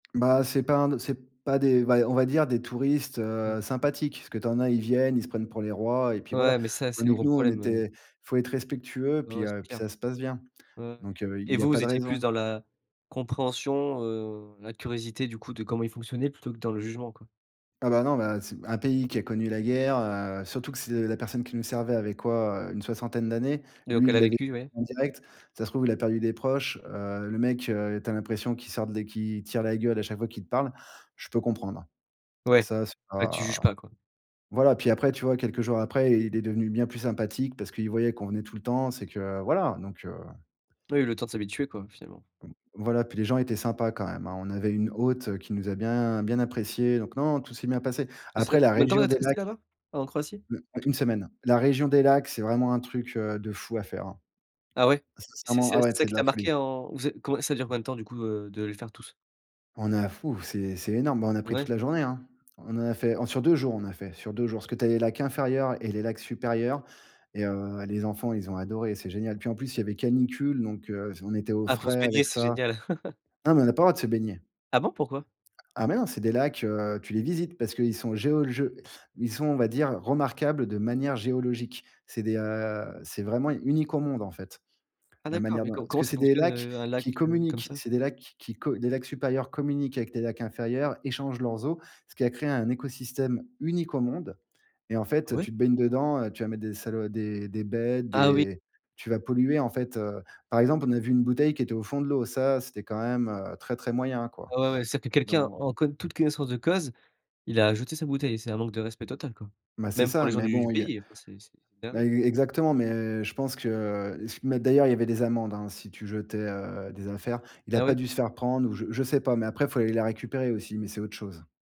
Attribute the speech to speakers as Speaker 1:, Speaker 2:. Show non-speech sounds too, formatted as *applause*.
Speaker 1: Ben, c'est pas un d c'est pas des v on va dire des touristes,
Speaker 2: Mmh.
Speaker 1: heu, sympathiques. Parce que tu en as, ils viennent, ils se prennent pour les rois et puis voilà.
Speaker 2: Ouais, mais ça, c'est le
Speaker 1: Tandis que
Speaker 2: gros
Speaker 1: nous, on
Speaker 2: problème, heu.
Speaker 1: était il faut être respectueux.
Speaker 2: Ouais, ouais,
Speaker 1: Puis
Speaker 2: c'est
Speaker 1: heu, puis
Speaker 2: clair.
Speaker 1: ça se passe bien.
Speaker 2: Ouais, ouais.
Speaker 1: Donc heu, il
Speaker 2: Et
Speaker 1: y a
Speaker 2: vous,
Speaker 1: pas
Speaker 2: vous
Speaker 1: de
Speaker 2: étiez plus
Speaker 1: raison.
Speaker 2: dans la compréhension, heu, la curiosité, du coup, de comment ils fonctionnaient plutôt que dans le jugement, quoi?
Speaker 1: Ah ben, bah non s un pays qui a connu la guerre, heu surtout que c'est la personne qui nous servait avait quoi? Heu, une soixantaine d'années.
Speaker 2: Donc,
Speaker 1: Lui,
Speaker 2: elle
Speaker 1: il
Speaker 2: a
Speaker 1: l'a vé
Speaker 2: vécu, oui.
Speaker 1: en direct. Ça se trouve, il a perdu des proches. Heu, le mec, heu, tu as l'impression qu'il sort de l'é qu'il tire la gueule à chaque fois qu'il te parle. Je peux comprendre.
Speaker 2: Ouais,
Speaker 1: Ça, c'est
Speaker 2: ben, tu juges
Speaker 1: pas
Speaker 2: pas, quoi.
Speaker 1: voilà, puis après, tu vois, quelques jours après, il est devenu bien plus sympathique parce qu'il voyait qu'on venait tout le temps, c'est que voilà. Donc, heu.
Speaker 2: Oui, le temps de s'habituer, quoi, finalement.
Speaker 1: Voilà. Puis les gens étaient sympas quand même, hein. On avait une hôte, heu, qui nous a bien, bien appréciés. Donc non, tout s'est bien passé.
Speaker 2: Ouais, c'est v
Speaker 1: Après, la
Speaker 2: combien de temps vous
Speaker 1: région
Speaker 2: êtes
Speaker 1: des
Speaker 2: restés
Speaker 1: lacs
Speaker 2: là-bas, en Croatie?
Speaker 1: U u une semaine. La région des lacs, c'est vraiment un truc, heu, de fou à faire, hein.
Speaker 2: Ah ouais, c'est
Speaker 1: Sincèrement, ah
Speaker 2: c'est
Speaker 1: ouais,
Speaker 2: ça
Speaker 1: c'est de
Speaker 2: qui
Speaker 1: la
Speaker 2: t'a
Speaker 1: folie.
Speaker 2: marqué en vous ê comb ça dure combien de temps du coup, heu, de les faire tous?
Speaker 1: On a ouf, c'est c'est énorme. Bah, on a pris toute
Speaker 2: Ouais.
Speaker 1: la journée, hein. On en a fait sur 2 jours. On a fait sur 2 jours parce que tu as les lacs inférieurs et les lacs supérieurs et heu, les enfants, ils ont adoré. C'est génial. Puis, en plus, il y avait canicule, donc, heu, s on était au
Speaker 2: Ah, pour se
Speaker 1: frais
Speaker 2: baigner,
Speaker 1: avec
Speaker 2: c'est
Speaker 1: ça.
Speaker 2: génial. *laughs*
Speaker 1: Ah mais on a pas le droit de se baigner.
Speaker 2: Ah bon pourquoi?
Speaker 1: Ah, mais non, c'est des lacs, heu, tu les visites parce qu'ils sont géologiques. Ils sont, on va dire, remarquables de manière géologique. C'est des, heu, c'est vraiment unique au monde, en fait.
Speaker 2: Ah
Speaker 1: La
Speaker 2: d'accord,
Speaker 1: manière
Speaker 2: mais
Speaker 1: dont
Speaker 2: com
Speaker 1: parce
Speaker 2: comment
Speaker 1: que
Speaker 2: ça
Speaker 1: c'est des
Speaker 2: fonctionne,
Speaker 1: lacs
Speaker 2: heu, un lac,
Speaker 1: qui
Speaker 2: heu, comme
Speaker 1: communiquent.
Speaker 2: ça?
Speaker 1: C'est des lacs qui-qui co des lacs supérieurs communiquent avec les lacs inférieurs, échangent leurs eaux, ce qui a créé un écosystème unique au monde. Et en
Speaker 2: Ah
Speaker 1: fait,
Speaker 2: ouais?
Speaker 1: tu te baignes dedans, heu, tu vas mettre des salo des des bêtes,
Speaker 2: Ah oui.
Speaker 1: des tu vas polluer, en fait, heu. Par exemple, on a vu une bouteille qui était au fond de l'eau. Ça, c'était quand même, heu, très, très moyen, quoi.
Speaker 2: Ouais ouais ouais. C'est à dire que quelqu'un,
Speaker 1: Don
Speaker 2: en co toute connaissance de cause, il a ajouté sa bouteille. C'est un manque de respect total, quoi.
Speaker 1: Ben, c'est
Speaker 2: Même pour
Speaker 1: ça.
Speaker 2: les gens
Speaker 1: Mais
Speaker 2: du du
Speaker 1: bon, il y a
Speaker 2: pays. Enfin, c'est c'est c'est une
Speaker 1: ben
Speaker 2: dinguerie.
Speaker 1: e exactement. Mais je pense que mais d'ailleurs, il y avait des amendes, hein, si tu jetais, heu, des affaires. Il a
Speaker 2: Ah
Speaker 1: pas
Speaker 2: ouais?
Speaker 1: dû se faire prendre, ou je je sais pas. Mais après, il faut aller la récupérer aussi. Mais c'est autre chose.